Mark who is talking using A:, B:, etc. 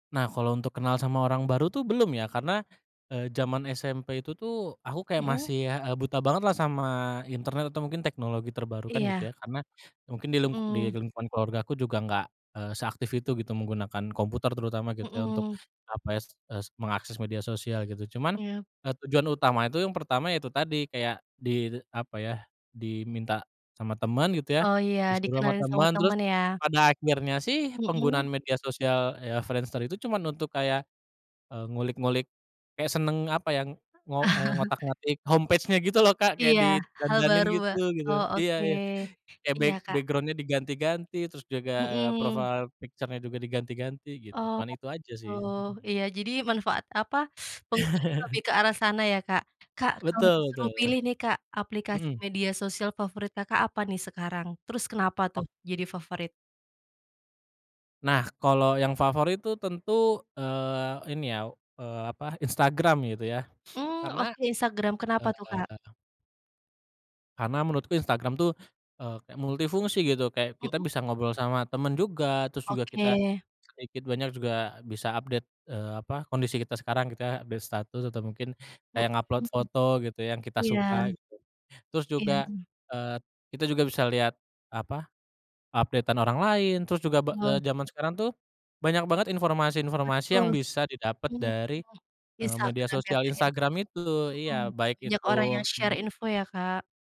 A: Nah kalau untuk kenal sama orang baru tuh belum ya karena, eee, jaman SMP itu tuh aku kayak
B: Mhm.
A: masih, eee, buta banget lah sama internet atau mungkin teknologi terbaru kan gitu ya
B: Iya.
A: karena, mungkin di ling di
B: Mhm.
A: lingkungan keluargaku juga nggak, eee, seaktif itu gitu menggunakan komputer terutama gitu ya untuk,
B: Mhm.
A: apa ya s s mengakses media sosial gitu cuman,
B: Iya.
A: eee, tujuan utama itu yang pertama ya itu tadi kayak di apa ya, diminta sama teman gitu ya,
B: Oh iya
A: disuruh sama
B: dikenalin sama
A: teman terus,
B: teman ya?
A: pada akhirnya sih penggunaan
B: Mhm.
A: media sosial ya Friendster itu cuman untuk kayak, eee, ngulik-ngulik, kayak senang apa ya ngo eee ngotak-ngatik home page-nya gitu loh, Kak, kayak
B: Iya hal
A: didandanin
B: baru wa
A: gitu gitu
B: oh
A: iya
B: oke,
A: iya, kayak
B: iya,
A: back
B: Kak.
A: background-nya diganti-ganti terus juga, eee,
B: Mhm.
A: profile picture-nya juga diganti-ganti gitu
B: Oh
A: cuman itu aja sih,
B: oh
A: mhm.
B: iya jadi manfaat apa penggunanya lebih ke arah sana ya Kak Kak kalau
A: Betul
B: disuruh
A: betul,
B: pilih nih, Kak, aplikasi
A: mhm.
B: media sosial favorit Kakak apa nih sekarang? Terus kenapa
A: Oh.
B: tuh jadi favorit?
A: Nah kalau yang favorit tuh tentu, eee, ini ya, eee, apa Instagram gitu ya
B: Mmm,
A: karena,
B: oke Instagram kenapa tuh, Kak?
A: eee Karena menurutku Instagram tuh, eee, kayak multifungsi gitu kayak kita
B: Mhm.
A: bisa ngobrol sama teman juga terus juga kita,
B: Oke.
A: sedikit banyak juga bisa update, eee, apa kondisi kita sekarang gitu kayak update status atau mungkin kayak ngupload
B: Mhm,
A: foto gitu yang kita
B: iya
A: suka gitu, terus
B: iya,
A: juga,
B: mmm.
A: eee, kita juga bisa lihat, apa, update-an orang lain, terus juga be eee,
B: Oh.
A: jaman sekarang tuh, banyak banget informasi-informasi yang
B: Betul,
A: bisa didapet
B: mhm
A: dari,
B: mhm,
A: eee, media
B: Instagram ya,
A: sosial
B: Kak, ya,
A: Instagram itu
B: mhm,
A: iya baik
B: banyak orang
A: itu,
B: yang share
A: mmm
B: info ya, Kak.